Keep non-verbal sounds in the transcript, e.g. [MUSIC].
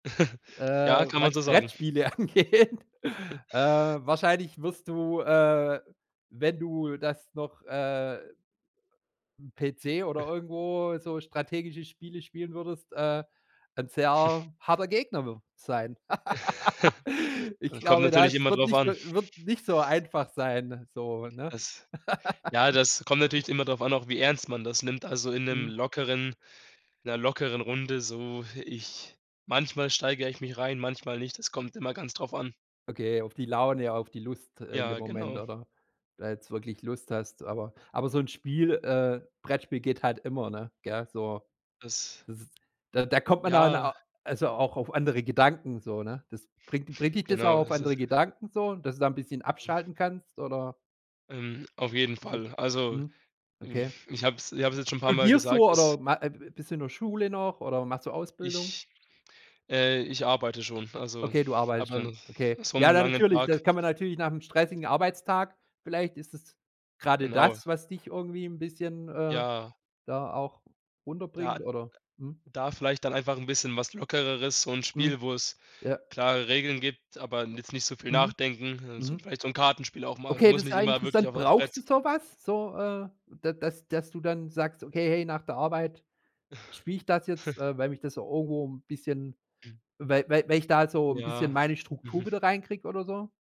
[CHUCKLES] Äh, Ja, kann was man so sagen. Brettspiele angeht, [CHUCKLES] äh, wahrscheinlich wirst du, äh, wenn du das noch, äh 'n PC oder [CHUCKLES] irgendwo so strategische Spiele spielen würdest, äh, 'n [SNORTS] sehr harter Gegner [UNINTELLIGIBLE] sein. [LAUGHS] [CHUCKLES] Ich Kommt glaube, natürlich das immer wird drauf nicht so an. wird nicht so einfach sein, so, ne? Das ja, das kommt [LAUGHS] natürlich immer drauf an, auch wie ernst man das nimmt. Also in 'nem Mhm. lockeren in 'ner lockeren Runde so. Ich manchmal steigere ich mich rein, manchmal nicht. Das kommt immer ganz drauf an. Okay, auf die Laune, auf die Lust, äh, in dem Ja, Moment genau. oder ob du da jetzt wirklich Lust hast, aber aber so 'n Spiel äh, Brettspiel geht halt immer, ne? Gell? So, Das das ist da da kommt man dann Ja. au also, auch auf andere Gedanken so, ne? Das bringt bringt dich das auch Genau, auf das ist andere Gedanken so? Dass du da ein bisschen abschalten kannst, oder? Ähm, auf jeden Ist es Fall. Also, mhm, hm, okay. ich habe es ich habe es jetzt schon n' paar Mal Studierst gesagt, du dass oder ma äh, bist du in der Schule noch oder machst du Ausbildung? ich äh, ich arbeite schon, also Okay, du arbeitest aber schon. nach Okay. so Ja, 'nem da langen natürlich da Tag. kann man natürlich nach 'nem stressigen Arbeitstag vielleicht ist es grade Genau. das, was dich irgendwie 'n bisschen, äh, Ja. da auch Da runterbringt, oder? Mhm. da vielleicht dann einfach 'n bisschen was Lockereres, so 'n Mhm. Spiel, wo es Ja. klare Regeln gibt, aber jetzt nicht so viel Mhm. nachdenken. Also, Mhm. vielleicht so 'n Kartenspiel auch mal Okay, muss das ist nicht ja immer wirklich interessant. auf auf Brauchst Brett. du so was? So, äh, da dass dass du dann sagst: „Okay, hey, nach der Arbeit spiele ich das jetzt, [CHUCKLES] äh, weil mich das so irgendwo 'n bisschen weil weil weil ich da so 'n bisschen Ja, meine Struktur mhm. wieder reinkriege”, oder so?